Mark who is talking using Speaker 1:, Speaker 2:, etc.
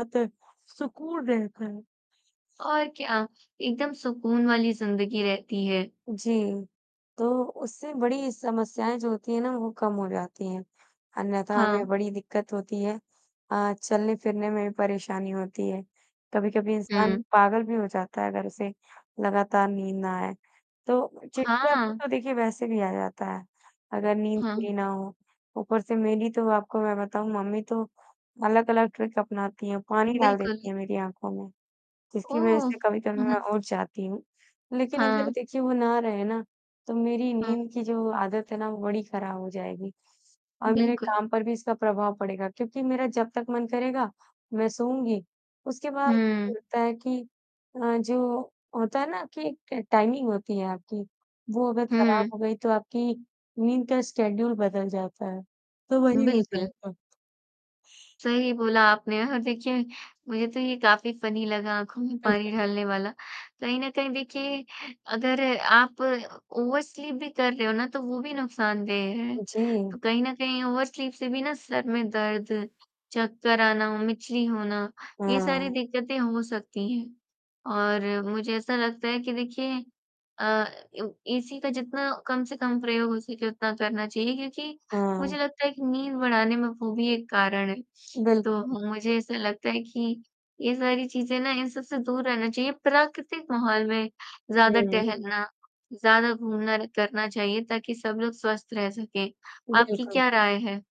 Speaker 1: आत्ते सुकून रहता है।
Speaker 2: और क्या एकदम सुकून वाली ज़िंदगी रहती है।
Speaker 1: जी। तो उससे बड़ी समस्याएँ जो होती हैं ना वो कम हो जाती हैं। अन्यथा हमें
Speaker 2: हाँ।
Speaker 1: बड़ी दिक़्क़त होती है। अ, चलने-फिरने में भी परेशानी होती है। कभी-कभी इंसान
Speaker 2: हुँ।
Speaker 1: पागल भी हो जाता है अगर उसे लगातार नींद ना आए। तो चिड़चिड़ापन
Speaker 2: हाँ।
Speaker 1: तो देखिए वैसे भी आ जाता है। अगर नींद
Speaker 2: हाँ।
Speaker 1: पूरी ना हो। ऊपर से मेरी तो आपको मैं बताऊँ मम्मी तो अलग-अलग ट्रिक्स अपनाती हैं, पानी डाल
Speaker 2: बिल्कुल।
Speaker 1: देती हैं मेरी आँखों में। जिसकी वज़ह
Speaker 2: ओह!
Speaker 1: से कभी-कभी मैं उठ जाती हूँ। लेक़िन अगर
Speaker 2: हाँ।
Speaker 1: देखिए वो ना रहे ना तो मेरी
Speaker 2: हाँ।
Speaker 1: नींद की जो आदत है ना वो बड़ी ख़राब हो जाएगी और मेरे
Speaker 2: बिल्कुल।
Speaker 1: काम पर भी इसका प्रभाव पड़ेगा क्योंकि मेरा जब तक मन करेगा मैं सोऊँगी। उसके बाद ऐसा
Speaker 2: हुँ।
Speaker 1: लगता है कि अ, जो होता है ना कि एक ट टाइमिंग होती है आपकी। वो अगर ख़राब
Speaker 2: हुँ।
Speaker 1: हो गई तो आपकी नींद का शेड्यूल बदल जाता है। तो वही हो
Speaker 2: बिल्कुल।
Speaker 1: जाएगा।
Speaker 2: सही बोला आपने और देखिए मुझे तो ये काफ़ी फनी लगा आँखों में
Speaker 1: अच्छा
Speaker 2: पानी
Speaker 1: हुँ।
Speaker 2: डालने वाला। कहीं न कहीं देखिए अगर आप ओवर स्लीप भी कर रहे हो ना तो वो भी नुकसानदेह है। तो
Speaker 1: जी।
Speaker 2: कहीं न कहीं ओवर स्लीप से भी ना सर में दर्द, चक्कर आना, [unintelligible] होना, ये सारी
Speaker 1: हाँ।
Speaker 2: दिक़्क़तें हो सकती हैं। और मुझे ऐसा लगता है कि देखिए अ, एसी का जितना कम से कम प्रयोग हो सके उतना करना चाहिए क्योंकि मुझे
Speaker 1: हाँ।
Speaker 2: लगता है कि नींद बढ़ाने में वो भी एक कारण है। तो
Speaker 1: बिल्कुल।
Speaker 2: मुझे ऐसा लगता है कि ये सारी चीज़ें ना इन सब से दूर रहना चाहिए प्राकृतिक माहौल में
Speaker 1: हुँ,
Speaker 2: ज़्यादा
Speaker 1: हुँ, हुँ।
Speaker 2: टहलना, ज़्यादा घूमना र करना चाहिए ताकि सब लोग स्वस्थ रह सकें। आपकी
Speaker 1: बिल्कुल।
Speaker 2: क्या राय है?